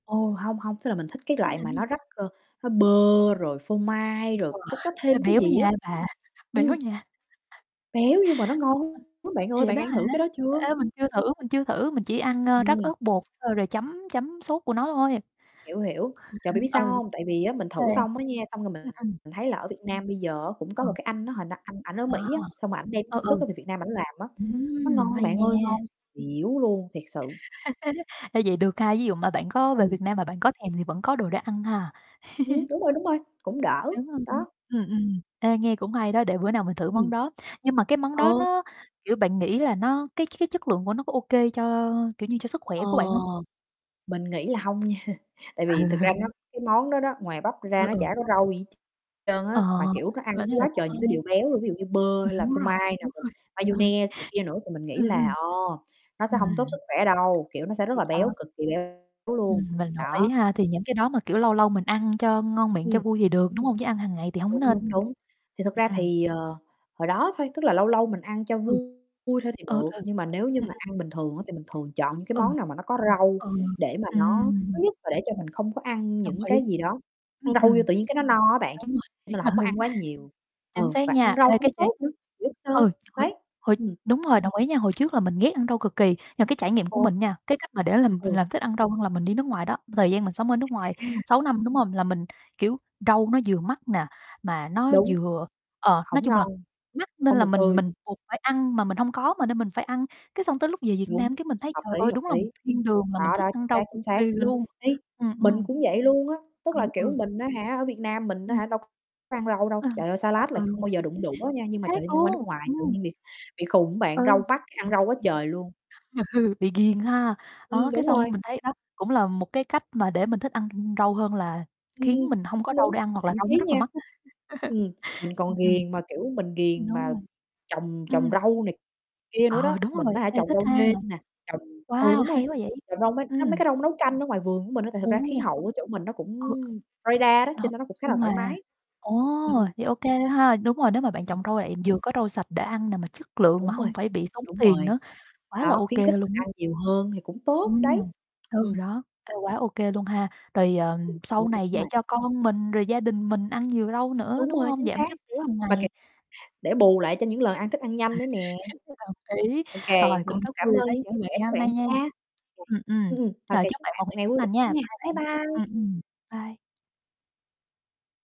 Ồ, hông, hông, tức là mình thích cái Em loại làm mà cái gì? nó rắc, ờ, nó bơ, rồi phô mai, rồi Wow. cái có Ê, thêm cái béo gì nha á, bà, béo ừm. nha. Béo nhưng mà nó ngon lắm bạn Ê, ơi, vậy bạn đó ăn hả? thử cái đó chưa? Ê, mình chưa thử, mình chưa thử, mình chỉ ăn, a, rắc Ừm. ớt bột thôi rồi chấm chấm sốt của nó thôi, Hiểu, hiểu, trời, ừ, bạn biết sao hông? Tại vì á, mình thử [unintelligible] xong á nha, xong rồi ừm, ừm. mình thấy là ở Việt Nam bây giờ á, cũng có Ừ. một cái anh á, hồi na anh ảnh ở Ờ. Mỹ á, xong rồi ảnh đem Ừ, công ừ. thức đó về Việt Nam ảnh làm á, nó Ừm, ngon hay bạn ơi, nha. ngon xỉu luôn, thiệt sự. A, vậy được ha, ví dụ mà bạn có về Ừm. Việt Nam mà bạn có thèm thì vẫn có đồ để ăn ha. Ừm, đúng rồi, đúng rồi, cũng đỡ, Đúng rồi, đó. ừm, ừm. Ê, nghe cũng hay đó, để bữa nào mình thử món Ừm. đó. Nhưng mà cái món đó Ờ. nó, kiểu, bạn nghĩ là nó cái cái chất lượng của nó có ô kê cho, kiểu như, cho sức khỏe Ờ, của bạn hông? mình nghĩ là hông nha. Tại Ừ. vì thực ra nó cái món đó đó, ngoài bắp ra Ừ, nó ừ. chả có rau gì hết tr trơn Ờ, á, mà, kiểu, nó ăn cái vẫn như là quá không trời những cái ai. điều béo luôn, ví dụ như bơ hay là Đúng phô rồi, mai đúng này, rồi. mayonnaise này kia nữa. Thì mình nghĩ Ừm, là, ừm. ờ, nó sẽ hông tốt Ừm. sức khỏe đâu, kiểu, nó sẽ rất Thì là béo, đó. cực kỳ béo luôn, Ừm, mình đồng ý đó. ha, thì những cái đó mà, kiểu, lâu lâu mình ăn cho ngon miệng, cho Ừm. vui thì được, đúng hông? Chứ ăn hàng ngày thì hổng Đúng, nên. đúng, đúng. Thì thực ra Ừm. thì, ờ, hồi đó thôi, tức là lâu lâu mình ăn cho Ừ. vui thôi thì Ừ, được, ừ. nhưng mà nếu như Ừm, mà ăn bình thường á, thì mình thường chọn những cái ừm. món nào mà nó có rau Ừ, để mà ừ, nó thứ ừm. nhất là để cho mình không có ăn Đồng những ý, cái gì đó, ừm, ăn rau vô ừm, tự nhiên cái nó no á bạn, [unintelligible] đúng nên rồi, là hổng có ờ. ăn quá nhiều Chính ừ, xác và ăn nha, rau ê, cũng cái trải tốt nữa, nhiều chất ừ, xơ, hồi đấy, hồi ừm. đúng rồi, đồng ý nha, hồi trước là mình ghét ăn rau cực kỳ, nhưng mà cái trải nghiệm của Ừ. mình nha, cái cách mà để làm mình Ừ. làm thích ăn rau hơn là mình đi nước ngoài đó, thời gian mình sống ở nước ngoài À. 6 năm, đúng hông? Là mình, kiểu, rau nó vừa mắc nè, mà nó Đúng. vừa ờ, nói Hổng chung là ngon, mắc nên hông là được mình tươi. mình buộc phải ăn, mà mình hông có mà, nên mình phải ăn. Cái xong tới lúc về Việt Đúng, Nam cái mình thấy, hợp trời lý, ơi, hợp đúng là lý. một thiên đường, mà mình Đó, thích đó, ăn chính rau xác, cực chính xác, kỳ ừm luôn, ý, ừm, mình ừm. cũng vậy luôn á, tức là, Ầm. kiểu, Ừ. mình á hả, ở Việt Nam mình á Ừm. hả, đâu có ăn rau đâu, Ừ. trời ơi, Ừ, salad là ừ. không bao giờ đụng đũa nha, Chính nhưng mà xác trời ơi, đi qua nước luôn. ngoài tự Ừm. nhiên bị bị khùng á bạn, rau Ừ. mắc, cái ăn rau quá trời luôn. Bị ghiền ha. Đó, Ừm, cái đúng xong rồi. mình thấy đó cũng là một cái cách mà để mình thích ăn r rau hơn là Ừm, khiến ừm, mình hông có đúng, rau đúng, để ăn hoặc là thậm rau nó chí rất là nha mắc á. ừm, mình còn Ừm, ghiền, mà kiểu, mình ừm, ghiền đúng mà rồi, trồng trồng ừm. rau này kia nữa đó. Ờ, đúng Mình rồi. á hả, Ê, trồng thích rau ha. nêm nè, trồng ừ, Wow, đúng rồi, hay quá vậy, trồng rau, mấy á, mấy ừm. cái rau nấu canh ở ngoài vườn của mình á, tại thật ra Đúng khí luôn. hậu ở chỗ mình nó cũng Ừ Florida đó, cho [unintelligible] nên nó cũng khá là Nhưng thoải mà mái. ồ, Ừm, ừm. thì ô kê thôi ha. Đúng rồi, nếu mà bạn trồng rau lại vừa có rau sạch để ăn nè, mà chất lượng mà Đúng rồi, hông phải bị tốn đúng tiền rồi, nữa, quá là đó, ô khuyến khích kê mình luôn á. ăn nhiều hơn thì cũng tốt đấy, Ừm, ừ, ừm. đó. Ê, quá ô kê luôn ha, rồi, ờ, Ừm. sau Đúng rồi, này đúng dạy rồi. cho con mình rồi gia đình mình ăn nhiều rau nữa, Đúng đúng rồi, hông? chính Giảm xác. chất béo hàng Mà, ki ngày. để bù lại cho những lần ăn thức ăn nhanh nữa nè. Đồng ý, Ô kê, rồi, cũng mình rất cảm vui được ơn nói những chuyện chia với bạn sẻ ngày của hôm bạn nay nha. nha. Ừm, ừm, Ừm, ừm, ô rồi kê, chúc chúc bạn bạn một một ngày ngày tốt vui vẻ lành nha, nha. bye Bye bạn, ừm, bye! ừm, bye.